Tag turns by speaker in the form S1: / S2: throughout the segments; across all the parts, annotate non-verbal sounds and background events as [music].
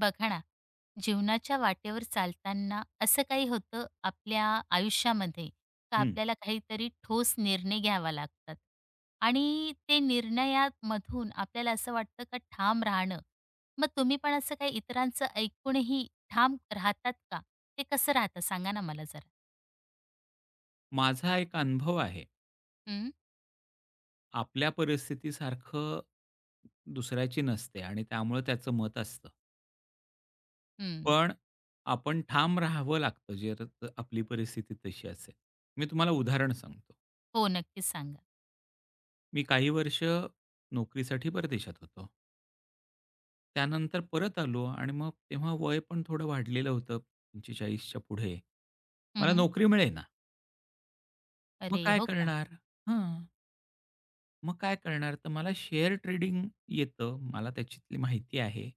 S1: बघा ना, जीवनाच्या वाटेवर चालताना असं काही होतं आपल्या आयुष्यामध्ये का
S2: हं.
S1: आपल्याला काहीतरी ठोस निर्णय घ्यावा लागतात आणि ते निर्णयात मधून आपल्याला असं वाटतं का ठाम राहणं. मग तुम्ही पण असं काही इतरांचं ऐकूनही ठाम राहतात का? ते कसं राहता सांगा ना मला जरा?
S2: माझा एक अनुभव आहे.
S1: हं.
S2: आपल्या परिस्थिती सारखं दुसऱ्याची नसते आणि त्यामुळे त्याचं मत असतं.
S1: हं.
S2: पण आपण ठाम राहावं लागतं, जे आता अ, आपली परिस्थिती तशी असेल. मी तुम्हाला उदाहरण सांगतो.
S1: हो, नक्कीच सांगा.
S2: मी काही वर्ष नोकरीसाठी परदेशात होतो त्यानंतर परत आलो आणि मग तेव्हा वय पण थोडं वाढलेलं होतं. 45च्या पुढे
S1: हं,
S2: मला
S1: हं.
S2: नोकरी मिळेना. मग
S1: अरे!
S2: काय
S1: हो का?
S2: करणार? हं. मग काय करणार? तर मला शेअर ट्रेडिंग येतं. मला त्याच्यातली माहिती आहे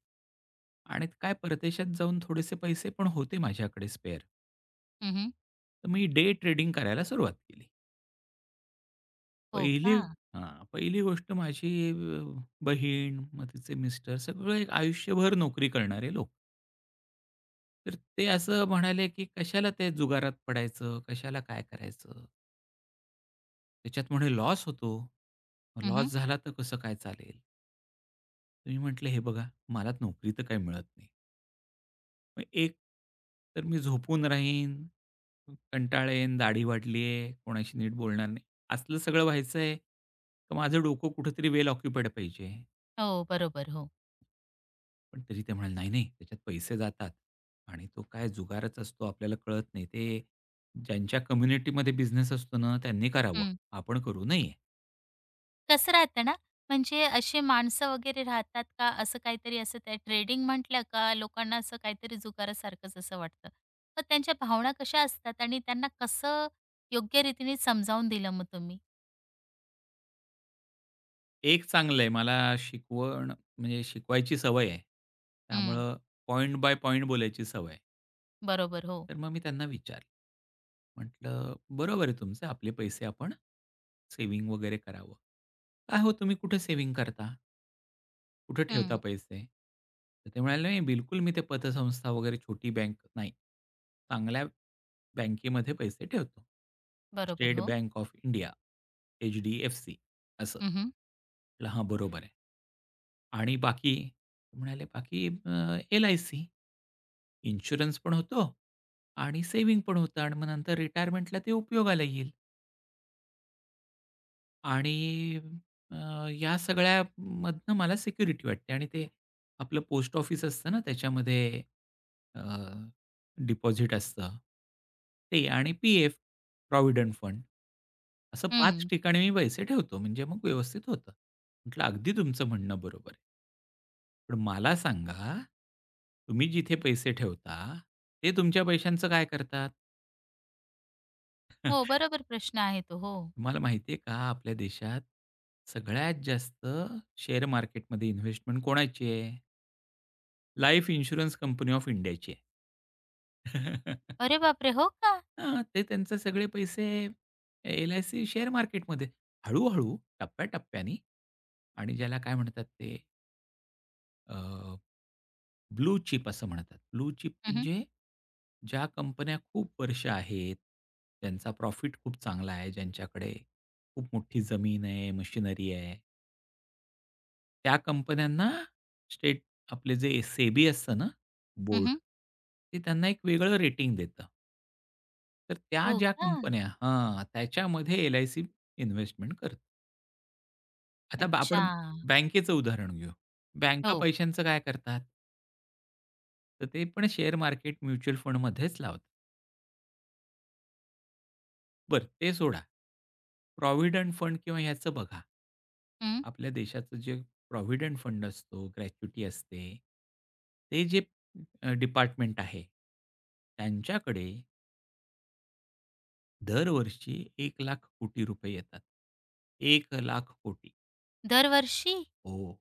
S2: आणि काय परदेशात जाऊन थोडेसे पैसे पण होते माझ्याकडे स्पेअर.
S1: हं, हं.
S2: तर मी डे ट्रेडिंग करायला सुरुवात केली.
S1: हो
S2: पहिली
S1: का?
S2: हां. पहिली गोष्ट माझी अ, बहीण मग तिचे मिस्टर, सगळे आयुष्यभर नोकरी करणारे लोक. तर ते असं म्हणाले की कशाला ते जुगारात पडायचं? कशाला काय करायचं? त्याच्यात म्हणे लॉस होतो. मग
S1: हं, हं.
S2: लॉस झाला तर कसं काय चालेल? मी म्हटलं, "हे बघा, मला नोकरी तर काही मिळत नाही." "मग एक तर मी झोपून राहीन. कंटाळेन, दाढी वाढली आहे, कोणाशी नीट बोलणार नाही. असलं सगळं व्हायचंय, का माझं डोकं कुठेतरी वेल ऑक्युपाईड पाहिजे?"
S1: हो, बरोबर. हो.
S2: पण तरी ते म्हणाले, "नाही-नाही, त्याच्यात पैसे जातात आणि तो काय जुगारच असतो. आपल्याला कळत नाही. ते ज्यांच्या कम्युनिटीमध्ये बिझनेस असतो ना, त्यांनी करावं.
S1: हं.
S2: आपण करू नये."
S1: कसं राहतं ना, म्हणजे अशी माणसं वगैरे राहतात का असं काहीतरी असं त्या ट्रेडिंग म्हटलं का लोकांना असं काहीतरी जुगारासारखंच असं वाटतं. तर त्यांच्या भावना कशा असतात आणि त्यांना कसं योग्य रीतीने समजावून दिलं मग तुम्ही?
S2: एक चांगलं आहे. मला शिकवण म्हणजे शिकवायची सवय आहे.
S1: हं.
S2: त्यामुळे पॉइंट बाय पॉइंट बोलायची सवय आहे.
S1: बरोबर, हो.
S2: तर मग मी त्यांना विचारलं. म्हटलं "बरोबर आहे तुमचं आपले पैसे आपण सेव्हिंग वगैरे करावं. काय हो तुम्ही कुठे सेव्हिंग करता?" "कुठे ठेवता
S1: हं.
S2: पैसे?" तर ते म्हणाले "नाही बिलकुल, मी ते पतसंस्था वगैरे छोटी बँक नाही. चांगल्या बँकेमध्ये पैसे ठेवतो.
S1: बरोबर,
S2: स्टेट
S1: हो.
S2: बँक ऑफ इंडिया, एच-डी-एफ-सी" असं.
S1: हं, हं.
S2: म्हटलं, "हां बरोबर आहे आणि बाकी?" म्हणाले बाकी अ, "एल-आय-सी, इन्शुरन्स पण होतो आणि सेव्हिंग पण होतं आणि मग नंतर रिटायरमेंटला ते उपयोगाला येईल." आणि अ, या सगळ्यामधनं मला सिक्युरिटी वाटते आणि ते आपलं पोस्ट ऑफिस असतं ना त्याच्यामध्ये अ, डिपॉझिट असतं ते आणि पीएफ प्रॉव्हिडंट फंड. असं 5
S1: हं.
S2: ठिकाणी मी पैसे ठेवतो, म्हणजे मग व्यवस्थित होतं. म्हटलं "अगदी तुमचं म्हणणं बरोबर आहे." पण मला सांगा. तुम्ही जिथे पैसे ठेवता, ते तुमच्या पैशांचं काय करतात?
S1: हो,
S2: [chuckles]
S1: बरोबर प्रश्न आहे तो. हो.
S2: तुम्हाला माहिती आहे का, आपल्या देशात सगळ्यात जास्त शेअर मार्केटमध्ये इन्व्हेस्टमेंट कोणाची आहे? लाईफ इन्शुरन्स कंपनी ऑफ इंडियाची आहे. [chuckles]
S1: अरे बापरे! हो का?
S2: हं, ते त्यांचे सगळे पैसे एल-आय-सी शेअर मार्केटमध्ये हळू-हळू टप्प्याटप्प्याने आणि ज्याला काय म्हणतात ते? अ, ब्लू चिप असं म्हणतात. ब्लू चिप
S1: हं, हं.
S2: म्हणजे ज्या कंपन्या खूप वर्ष आहेत. त्यांचा प्रॉफिट खूप चांगला आहे, ज्यांच्याकडे खूप मोठी जमीन आहे, मशिनरी आहे. त्या कंपन्यांना स्टेट आपले जे सेबी असतं ना,
S1: हं,
S2: बोर्ड.
S1: हं.
S2: ते त्यांना एक वेगळं रेटिंग देतं. तर त्या
S1: हो
S2: ज्या
S1: का?
S2: कंपन्या हां, त्याच्यामध्ये एल-आय-सी इन्व्हेस्टमेंट करते. आता बा आपण
S1: अच्छा.
S2: बँकेचं उदाहरण घेऊ. बँका
S1: हो.
S2: पैशांचं काय करतात? तर ते पण शेअर मार्केट, म्युच्युअल फंडमध्येच लावतात. बरं ते सोडा. प्रॉव्हिडंट फंड किंवा ह्याचं बघा.
S1: हं.
S2: आपल्या देशाचं जे प्रॉव्हिडंट फंड असतो, ग्रॅच्युइटी असते, ते जे अ, डिपार्टमेंट आहे. त्यांच्याकडे दरवर्षी ₹1 लाख कोटी येतात. 1 लाख कोटी.
S1: दरवर्षी?
S2: हो.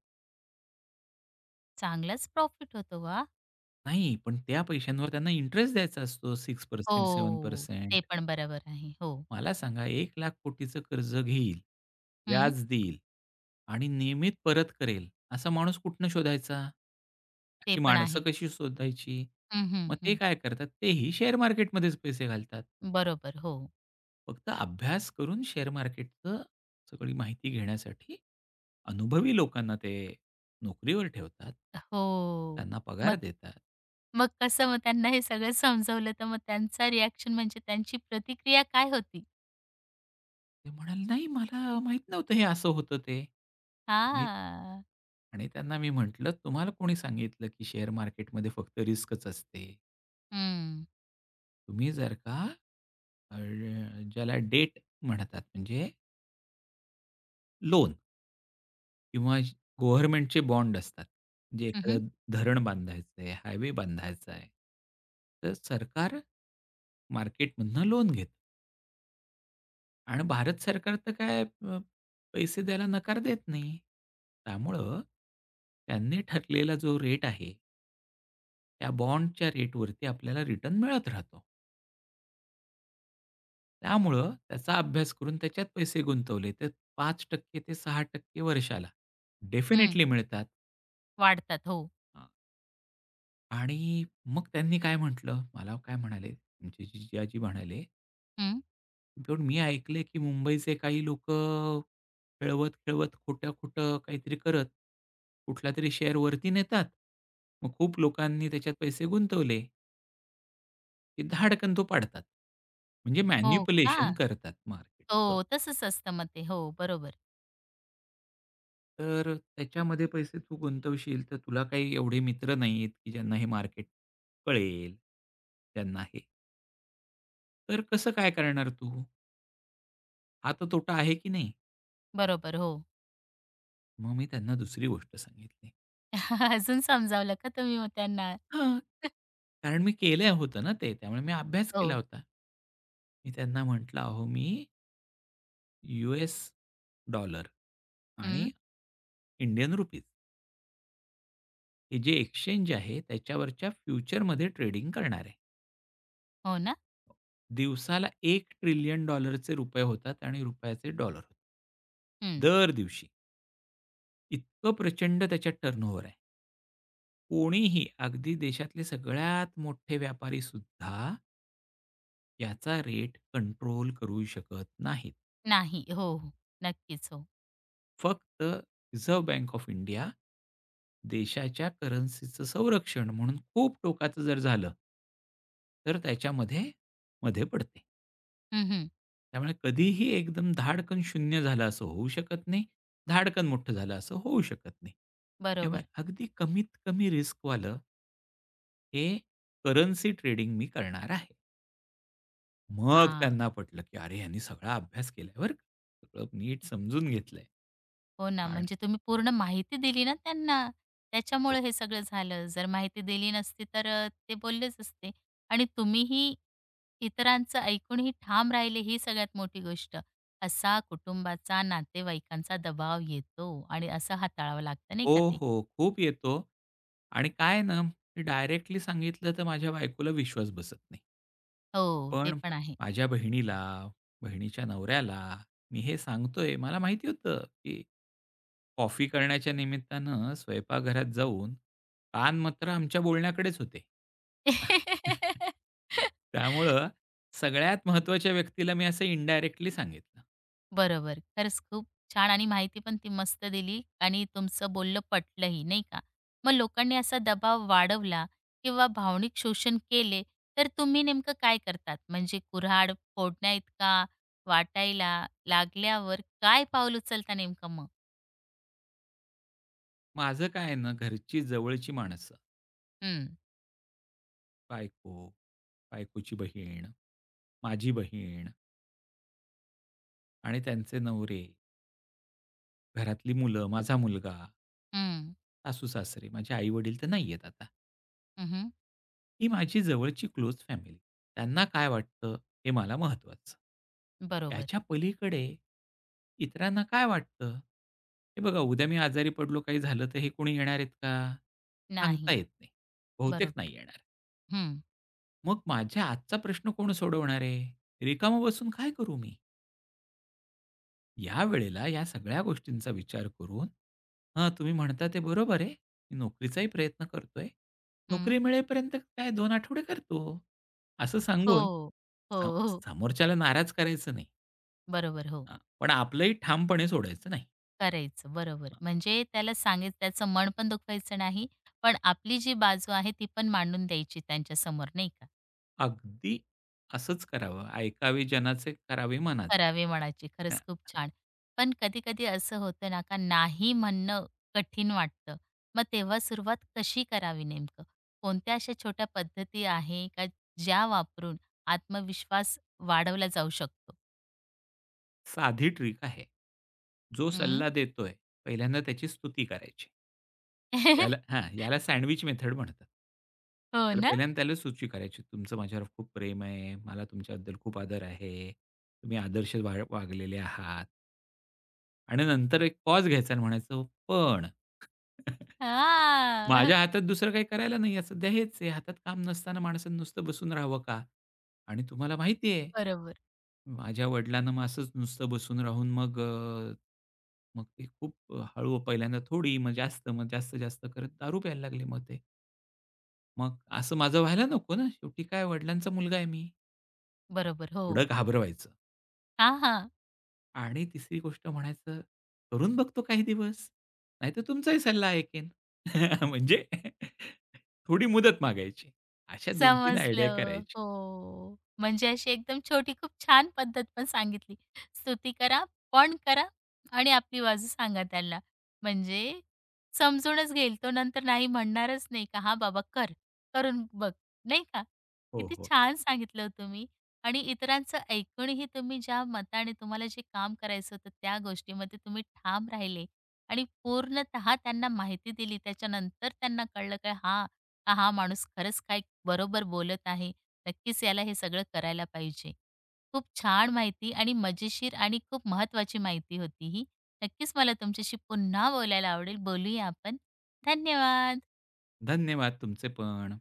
S1: चांगलाच प्रॉफिट होतो. वा!
S2: नाही, पण त्या पैशांवर त्यांना इंटरेस्ट द्यायचा असतो 6% सेवेन
S1: हो,
S2: पर्सेंट
S1: ते पण बरोबर आहे, हो.
S2: मला सांगा, 1 लाख कोटीं चं कर्ज घेईल,
S1: हं.
S2: व्याज देईल आणि नियमित परत करेल, असा माणूस कुठनं शोधायचा,
S1: ते
S2: अशी
S1: पण
S2: माणसं
S1: आहे.
S2: कशी शोधायची,
S1: हं, हं,
S2: मग ते
S1: हं.
S2: काय करतात? तेही शेअर मार्केटमध्येच पैसे घालतात.
S1: बरोबर, हो.
S2: फक्त अभ्यास करून, शेअर मार्केटचं सगळी माहिती घेण्यासाठी अनुभवी लोकांना ते नोकरीवर ठेवतात.
S1: हो,
S2: त्यांना पगार
S1: मग
S2: देतात.
S1: मग कसं मग त्यांना हे सगळं समजवलं, तर मग त्यांचा रिअ‍ॅक्शन म्हणजे त्यांची प्रतिक्रिया काय होती?
S2: ते म्हणाले, नाही, मला माहीत नव्हतं हे असं होतं ते. मी
S1: हां.
S2: आणि त्यांना मी म्हंटलं, तुम्हाला कोणी सांगितलं, की शेअर मार्केटमध्ये फक्त रिस्कच असते.
S1: हं.
S2: तुम्ही जर का अ, ज्याला डेब्ट म्हणतात, म्हणजे लोन. किंवा ज गव्हर्नमेंटचे बॉन्ड असतात. जे
S1: हं, हं.
S2: एखादं धरण बांधायचं आहे, हायवे बांधायचा आहे. तर सरकार मार्केटमधून लोन घेतं. आणि भारत सरकार तर काय अ, पैसे द्यायला नकार देत नाही. त्यामुळं त्यांनी ठरलेला जो रेट आहे त्या बॉन्डच्या रेटवरती आपल्याला रिटर्न मिळत राहतो. त्यामुळं त्याचा अभ्यास करून त्याच्यात पैसे गुंतवले, तर 5% ते 6% वर्षाला
S1: हं.
S2: डेफिनिटली मिळतात.
S1: वाढतात, हो.
S2: हां. आणि मग त्यांनी काय म्हटलं, मला काय म्हणाले, आमचे जिजाजी म्हणाले
S1: हं.
S2: पण मी ऐकलंय, की मुंबईचे काही लोकं खेळवत-खेळवत, खोटं-खोटं काहीतरी करत, कुठलातरी शेअर वरती नेतात. मग खूप लोकांनी त्याच्यात पैसे गुंतवले. की धाडकन तो पाडतात. म्हणजे
S1: हो का.
S2: मॅनिप्युलेशन करतात मार्केटचं.
S1: हो, तसंच असतं मग ते. हो, बरोबर.
S2: तर त्याच्यामध्ये पैसे तू गुंतवशील, तर तुला काही एवढे मित्र नाहीयेत, की ज्यांना हे मार्केट कळेल. ज्यांना हे तर कसं काय करणार तू? हा तर तोटा आहे, की नाही.
S1: बरोबर, हो.
S2: मग मी त्यांना दुसरी गोष्ट सांगितली.
S1: [chuckles] अजून समजावलं का तुम्ही मग त्यांना?
S2: हं,
S1: [chuckles]
S2: कारण मी केलं होतं ना ते. त्यामुळे मी अभ्यास केला
S1: हो.
S2: होता. मी त्यांना म्हटलं, अहो मी युएस डॉलर आणि
S1: हं.
S2: इंडियन रूपीज हे जे एक्सचेंज आहे, त्याच्यावरच्या फ्युचरमध्ये ट्रेडिंग करणार आहे.
S1: हो ना.
S2: दिवसाला $1 ट्रिलियन चे रुपये होतात आणि रुपयाचे डॉलर होतात.
S1: हं.
S2: दर दिवशी. इतकं प्रचंड त्याच्यात टर्न ओव्हर आहे. कोणीही, अगदी देशातले सगळ्यात मोठे व्यापारीसुद्धा याचा रेट कंट्रोल करू शकत नाहीत.
S1: नाही. हो, हो, नक्कीच. हो.
S2: फक्त रिझर्व्ह बँक ऑफ इंडिया देशाच्या करन्सीचं संरक्षण म्हणून, खूप टोकाचं जर झालं तर त्याच्यामध्ये, मध्ये पडते.
S1: हं, हं.
S2: त्यामुळे कधीही एकदम धाडकन 0 झालं असं होऊ शकत नाही, धाडकन मोठं झालं असं होऊ शकत नाही. त्यामुळे
S1: बरोबर.
S2: अगदी कमीत कमी रिस्क वालं हे करन्सी ट्रेडिंग मी करणार आहे. मग
S1: हां.
S2: त्यांना पटलं, की अरे, ह्यांनी सगळा अभ्यास केलाय बरं. सगळं नीट समजून घेतलंय
S1: हो ना.
S2: आणि
S1: म्हणजे तुम्ही पूर्ण माहिती दिली ना त्यांना, त्याच्यामुळे
S2: हो.
S1: हे सगळं झालं. जर माहिती दिली नसती, तर अ, ते बोललेच असते आणि तुम्हीही इतरांचं ऐकूनही ठाम राहिले, ही सगळ्यात मोठी गोष्ट. असा कुटुंबाचा, नातेवाईकांचा, दबाव येतो आणि असं हाताळावं लागतं नाही
S2: हो,
S1: का ते.
S2: हो. खूप येतो आणि काय आहे ना, मी डायरेक्टली सांगितलं, तर माझ्या बायकोला विश्वास बसत नाही.
S1: हो, ते
S2: पण
S1: पण आहे.
S2: माझ्या बहिणीला, बहिणीच्या नवऱ्याला, मी हे सांगतोय, मला माहिती होतं, की कॉफी करण्याच्या निमित्तानं स्वयंपाक घरात जाऊन, कान मात्र आमच्या बोलण्याकडेच होते. [laughs]
S1: [laughs]
S2: त्यामुळं सगळ्यात महत्त्वाच्या व्यक्तीला मी असं इंडायरेक्टली सांगितलं.
S1: बरोबर, खरंच खूप छान आणि माहिती पण ती मस्त दिली आणि तुमचं बोलणं पटलंही नाही का? मग लोकांनी असा दबाव वाढवला किंवा भावनिक शोषण केले, तर तुम्ही नेमकं काय करतात? म्हणजे कुऱ्हाड फोडण्या इतका वाटायला लागल्यावर काय पाऊल उचलता नेमकं मग?
S2: माझं काय आहे ना, घरची जवळची माणसं
S1: हं.
S2: बायको, बायकोची बहीण, माझी बहीण. आणि त्यांचे नवरे. घरातली मुलं, माझा मुलगा.
S1: हं.
S2: सासू-सासरे. माझे आई-वडील तर नाही आहेत आता.
S1: हं, हं.
S2: ही माझी जवळची क्लोज फॅमिली. त्यांना काय वाटतं हे मला महत्वाचं.
S1: बरोबर.
S2: त्याच्या पलीकडे, इतरांना काय वाटतं? हे बघा उद्या मी आजारी पडलो, काही झालं तर हे कोणी येणार आहेत का? सांगता
S1: नाही.
S2: येत नाही. बहुतेक
S1: बरोबर,
S2: नाही येणार.
S1: हं.
S2: मग माझ्या आजचा प्रश्न कोण सोडवणार आहे? रिकामा बसून काय करू मी? यावेळेला या सगळ्या गोष्टींचा विचार करून, "हां, तुम्ही म्हणता ते बरोबर आहे. मी नोकरीचाही प्रयत्न करतोय.
S1: हं.
S2: नोकरी मिळेपर्यंत काय 2 आठवडे करतो." असं सांगून
S1: हो, हो,
S2: स
S1: हो.
S2: समोरच्याला नाराज करायचं नाही.
S1: बरोबर, हो.
S2: हां, पण आपलंही ठामपणे सोडायचं नाही.
S1: करायचं. बरोबर,
S2: हां.
S1: म्हणजे त्याला सांगय त्याचं मन पण दुखवायचं नाही, पण आपली जी बाजू आहे ती पण मांडून द्यायची त्यांच्या समोर नाही का.
S2: अगदी असंच करावं. "ऐकावे जनाचे, करावे मनाचे,"
S1: करावे मनाचे,
S2: हां.
S1: खरंच खूप छान. पण कधी-कधी असं होतं ना, का नाही म्हणणं कठीण वाटतं. मग तेव्हा सुरुवात कशी करावी नेमकं, कोणत्या अशा छोट्या पद्धती आहे, का ज्या वापरून आत्मविश्वास वाढवला जाऊ शकतो?
S2: साधी ट्रिक आहे. जो
S1: हं.
S2: सल्ला देतोय, पहिल्यांदा त्याची स्तुती करायची. याला
S1: [laughs]
S2: हां, याला सँडविच मेथड म्हणतात.
S1: हो
S2: त्याला
S1: ना.
S2: पहिल्यांदा त्यालाच सुची करायची. तुमचं माझ्यावर खूप प्रेम आहे. मला तुमच्याबद्दल खूप आदर आहे. तुम्ही आदर्श वाग वागलेले आहात. आणि नंतर एक पॉज घ्यायचा आणि म्हणायचं पण, [chuckles]
S1: हां.
S2: माझ्या हातात दुसरं काही करायला नाही सध्या, हेच आहे. हातात काम नसताना माणसाने नुसतं बसून राहावं का आणि तुम्हाला
S1: ब
S2: माहिती आहे,
S1: बरोबर.
S2: माझ्या वडिलांना असंच नुसतं बसून राहून मग अ, मग ते खूप हळू, पहिल्यांदा थोडी, मग जास्त, मग जास्त, जास्त करत दारू प्यायला लागले मग ते. मग, असं माझं व्हायला नको ना. शेवटी काय, वडिलांचा मुलगा आहे मी.
S1: बरोबर,
S2: थोडं
S1: हो.
S2: घाबरवायचं.
S1: हां, हां.
S2: आणि 3री गोष्ट म्हणायचं, करून बघतो काही दिवस, नाहीतर तुमचाही सल्ला ऐकेन [laughs] म्हणजे, [laughs] थोडी मुदत मागायची. अशा 2-3 आयडिया
S1: समजलं.
S2: करायच्या.
S1: हो. म्हणजे अशी एकदम छोटी, खूप छान पद्धत पण सांगितली. स्तुती करा, पण करा आणि आपली बाजू सांगा त्याला. म्हणजे समजूनच घेईल तो, नंतर नाही म्हणणारच नाही. का "हां बाबा कर, करून बघ." नाही का?
S2: हो,
S1: किती
S2: हो.
S1: छान सांगितलं हो तुम्ही आणि इतरांचं ऐकूनही तुम्ही ज्या मताने, तुम्हाला जे काम करायचं होतं, त्या गोष्टीमध्ये तुम्ही ठाम राहिले आणि पूर्णतः त्यांना माहिती दिली. त्याच्यानंतर त्यांना कळलं, की हां, का हा माणूस खरंच काय बरोबर बोलत आहे. नक्कीच, याला हे सगळं करायला पाहिजे. खूप छान माहिती आणि मजेशीर आणि खूप महत्वाची माहिती होती ही. नक्कीच, मला तुमच्याशी पुन्हा बोलायला आवडेल. बोलूया आपण. धन्यवाद.
S2: धन्यवाद तुमचे पण.